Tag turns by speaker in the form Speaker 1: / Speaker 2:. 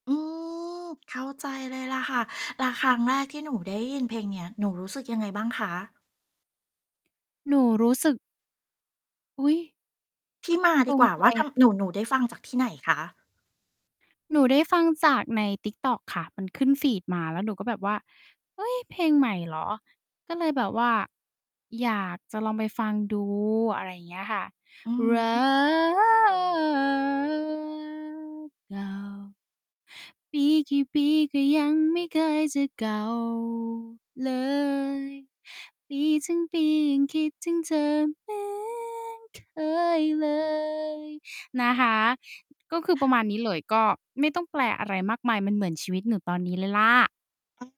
Speaker 1: อืม เข้าใจเลยแหละค่ะ แล้วครั้งแรกที่หนูได้ยินเพลงเนี้ย หนูรู้สึกยังไงบ้างคะ?
Speaker 2: หนูรู้สึก อุ๊ย!
Speaker 1: ที่มา
Speaker 2: ต
Speaker 1: ดี
Speaker 2: ร
Speaker 1: ก
Speaker 2: ง
Speaker 1: ว่า
Speaker 2: ใ
Speaker 1: ว่า ท
Speaker 2: จ
Speaker 1: ำ หนู หนูได้ฟังจากที่ไหนคะ?
Speaker 2: หนูได้ฟังจากใน TikTok ค่ะ มันขึ้นฟีดมาแล้วหนูก็แบบว่า "เฮ้ย เพลงใหม่เหรอ?" ก็เลยแบบว่า อยากจะลองไปฟังดู อะไรอย่างเงี้ยค่ะ
Speaker 1: อือ
Speaker 2: รั
Speaker 1: ฮึ
Speaker 2: กเก่า ปีกี่ปีก็ยังไม่เคยจะเก่าเลย ปีทั้งปียังคิดถึงเธอเหมือนเคยเลย นะคะ ก็คือประมาณนี้เลย ก็ไม่ต้องแปลอะไรมากมาย มันเหมือนชีวิตหนูตอนนี้เลยแหละ